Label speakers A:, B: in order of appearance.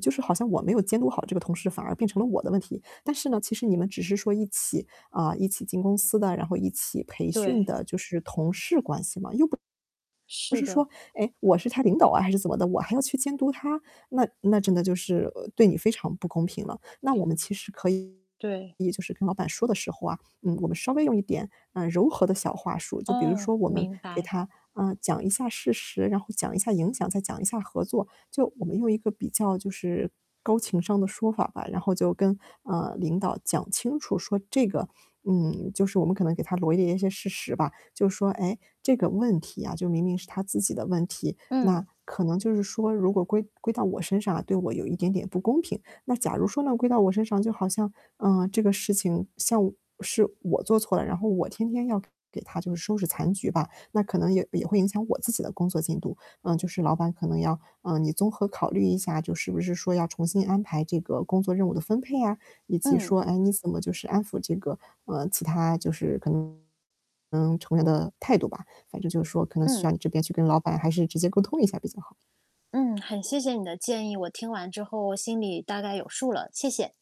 A: 就是好像我没有监督好这个同事反而变成了我的问题。但是呢，其实你们只是说一起啊，一起进公司的，然后一起培训
B: 对。
A: 的，就是同事关系嘛，又不
B: 是
A: 是
B: 的。
A: 说，哎，我是他领导啊还是怎么的，我还要去监督他，那那真的就是对你非常不公平了。那我们其实可以
B: 对。
A: 就是跟老板说的时候啊，嗯，我们稍微用一点，嗯，柔和的小话术，就比如
B: 哦，
A: 说我们
B: 明
A: 给
B: 白。
A: 他，嗯，讲一下事实，然后讲一下影响，再讲一下合作。就我们用一个比较就是高情商的说法吧，然后就跟，嗯，领导讲清楚说这个嗯，就是我们可能给他罗列一些事实吧，就说，诶，这个问题啊，就明明是他自己的问题，那
B: 嗯。
A: 可能就是说，如果归归到我身上啊，对我有一点点不公平。那假如说呢归到我身上，就好像，嗯，这个事情像是我做错了，然后我天天要给给他就收拾残局吧，那可能也也会影响我自己的工作进度，嗯，就是老板可能要嗯，你综合考虑一下，就是不是说要重新安排这个工作任务的分配啊，以及
B: 嗯。
A: 说，哎，你怎么就是安抚这个，呃，其他就是可能，嗯，成员的态度吧，反正就是说，可能需要
B: 嗯。
A: 你这边去跟老板还是直接沟通一下比较好。
B: 嗯，很谢谢你的建议，我听完之后，我心里大概有数了，谢谢。